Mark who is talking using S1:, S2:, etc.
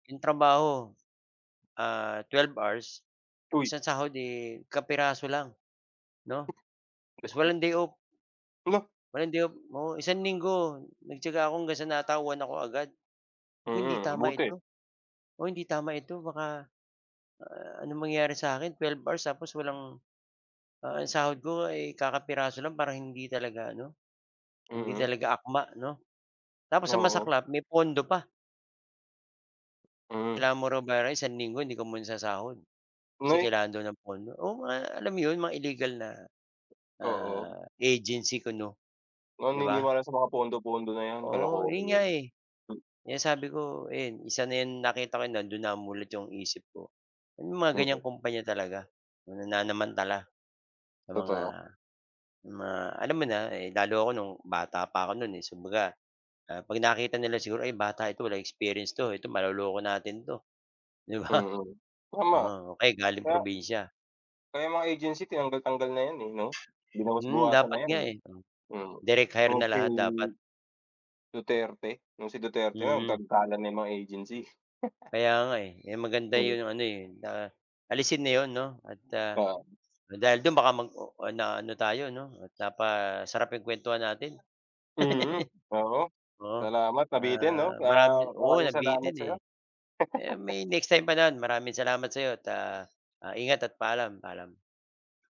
S1: 'Yong trabaho, ah, 12 hours,
S2: Uy!
S1: isang sahod, eh, kapiraso lang 'no, tas
S2: [unintelligible]
S1: walang day off.
S2: Hala!
S1: Walang day off, oo, isang linggo nagtiyaga ako hanggang sa natauhan ako agad. Sabi ko hindi
S2: Mm,
S1: tama
S2: buti.
S1: ito, oo, hindi tama ito baka a anong mangyari sa akin, 12 hours tapos walang, ah, yung sahod ko ay kakapiraso lang parang hindi talaga ano, hindi
S2: Mm.
S1: talaga akma 'no. Tapos ang
S2: Oo.
S1: masaklap may pondo pa.
S2: Hmm.
S1: Kailangan mo raw bayaran yung isang linggo hindi ko muna sasahod. Kasi
S2: Ngay!
S1: kailangan daw ng pondo, oo, ma alam mo 'yon, mga illegal na,
S2: Oo.
S1: ah, agency kuno, 'di ba?
S2: Naniniwala sa mga pondo-pondo na 'yan,
S1: Oo
S2: kalokohan
S1: 'yon nga,
S2: 'yan.
S1: eh,
S2: M
S1: kaya sabi ko ayan isa na 'yan nakita ko nando'n na mulat 'yong isip ko. May mga
S2: Mm.
S1: gan'yang kumpanya talaga na nanamantala sa mga
S2: Totoo.
S1: sa mga alam mo na, eh, lalo ako no'ng bata pa ako no'n eh, si kumbaga, ah, 'pag nakita nila siguro ay bata ito walang experience 'to, ito maloloko natin 'to, 'di ba?
S2: Mhm, tama.
S1: Oo, o kaya galing
S2: Kaya
S1: probinsya.
S2: kaya mga agency tinanggal-tanggal na 'yan, eh, 'no.
S1: Hmm,
S2: Binawas-bawasan na
S1: dapat
S2: 'yan,
S1: nga,
S2: eh,
S1: eh,
S2: hmm,
S1: direct hire
S2: oo
S1: na
S2: kay
S1: lahat dapat.
S2: Duterte, nung si Duterte nga
S1: Mm.
S2: nagtanggalan na yang mga agency.
S1: Kaya nga, eh, kaya maganda
S2: Hmm.
S1: 'yong ano, eh, na alisin na 'yon 'no at, ah,
S2: Oo.
S1: dahil do'n baka mag-oo na ano tayo 'no, napasarap 'yong kuwentuhan natin,
S2: Mm, oo
S1: oo.
S2: ,salamat nabitin 'no,
S1: Ah,
S2: ah,
S1: marami oo
S2: maramng salamat
S1: nabitin, eh,
S2: sa'yo.
S1: eh, may next time pa naman maraming salamat sa'yo at, ah, ingat at paalam, paalam.